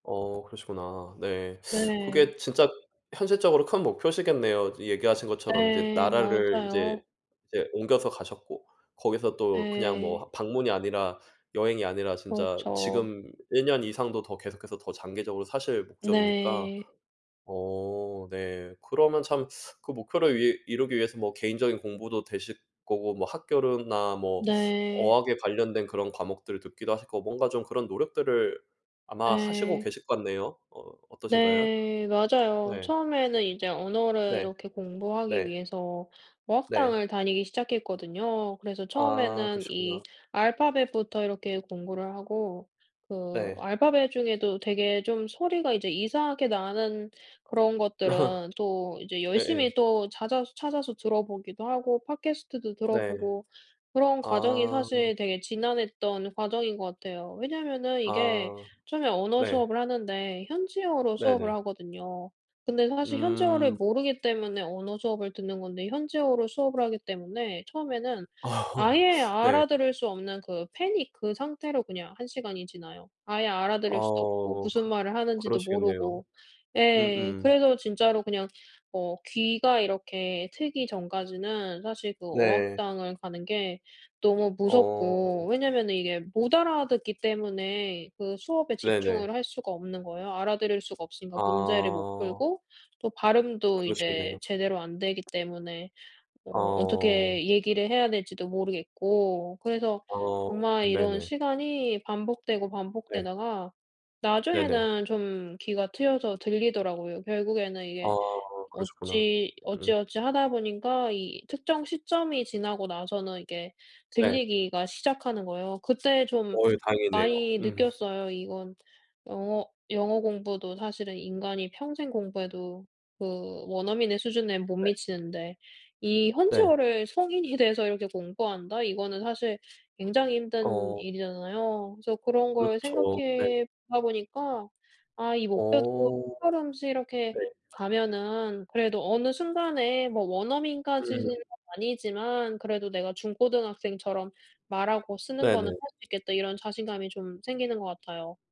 어 그러시구나. 네. 네. 그게 진짜 현실적으로 큰 목표시겠네요. 이 얘기하신 것처럼 이제 네. 나라를 이제 맞아요. 이제 옮겨서 가셨고 거기서 또 그냥 뭐 네. 하 방문이 아니라 여행이 아니라 진짜 그렇죠. 지금 1 년 이상도 더 계속해서 더 장기적으로 사실 목적이니까 네. 어 네 그러면 참 그 목표를 위 이루기 위해서 뭐 개인적인 공부도 되실 거고 학교로나 뭐 네. 어학에 관련된 그런 과목들을 듣기도 하실 거고. 뭔가 좀 그런 노력들을 아마 하시고 네. 계실 것 같네요. 어 어떠신가요? 네. 맞아요. 예. 처음에는 이제 언어를 네. 이렇게 공부하기 네. 위해서 네. 어학당을 다니기 시작했거든요. 그래서 아 처음에는 이 그러시구나. 알파벳부터 이렇게 공부를 하고 그 네. 알파벳 중에도 되게 좀 소리가 이제 이상하게 나는 그런 것들은 또 이제 예예. 열심히 또 잦아서 찾아서 들어보기도 하고 팟캐스트도 네. 들어보고 그런 과정이 아. 사실 되게 지난했던 과정인 것 같아요. 왜냐면은 이게 아. 처음에 언어 네. 수업을 하는데 현지어로 수업을 네네. 하거든요. 근데 사실 현지어를 음. 모르기 때문에 언어 수업을 듣는 건데 현지어로 수업을 하기 때문에 처음에는 아예 네. 알아들을 수 없는 그 패닉 그 상태로 그냥 1 시간이 지나요. 아예 알아들을 수도 없고 아어 무슨 그 말을 하는지도 그러시겠네요. 모르고 예. 음음. 그래서 진짜로 그냥 어 귀가 이렇게 트기 전까지는 사실 그 네. 어학당을 가는 게 너무 어. 무섭고. 왜냐면은 이게 못 알아듣기 때문에 그 수업에 네네. 집중을 할 수가 없는 거예요. 알아들을 수가 없으니까 문제를 못 아. 풀고 또 발음도 이제 그러시겠네요. 제대로 안되기 때문에 아 어 어. 어떻게 얘기를 해야 될지도 모르겠고. 그래서 어 정말 이런 네네. 시간이 반복되고, 네. 반복되다가 네네. 나중에는 좀 귀가 트여서 들리더라고요. 결국에는 아 이게 그러셨구나. 어찌 음. 어찌어찌 하다 보니까 이 특정 시점이 지나고 나서는 이게 네. 들리기가 시작하는 거예요. 그때 좀 어유 다행이네요. 많이 음. 느꼈어요. 이건 영어 영어 공부도 사실은 인간이 평생 공부해도 그 원어민의 수준에 못 네. 미치는데 이 네. 현지어를 성인이 돼서 이렇게 공부한다? 이거는 사실 굉장히 힘든 어. 일이잖아요. 그래서 그런 걸 그렇죠. 네. 생각해보다 보니까 '아 이 목표도 어. 한 걸음씩 이렇게 네. 가면은 그래도 어느 순간에 뭐 음. 원어민까지는 아니지만 그래도 내가 중고등학생처럼 말하고 쓰는 거는 네네. 할 수 있겠다' 이런 자신감이 좀 생기는 것 같아요.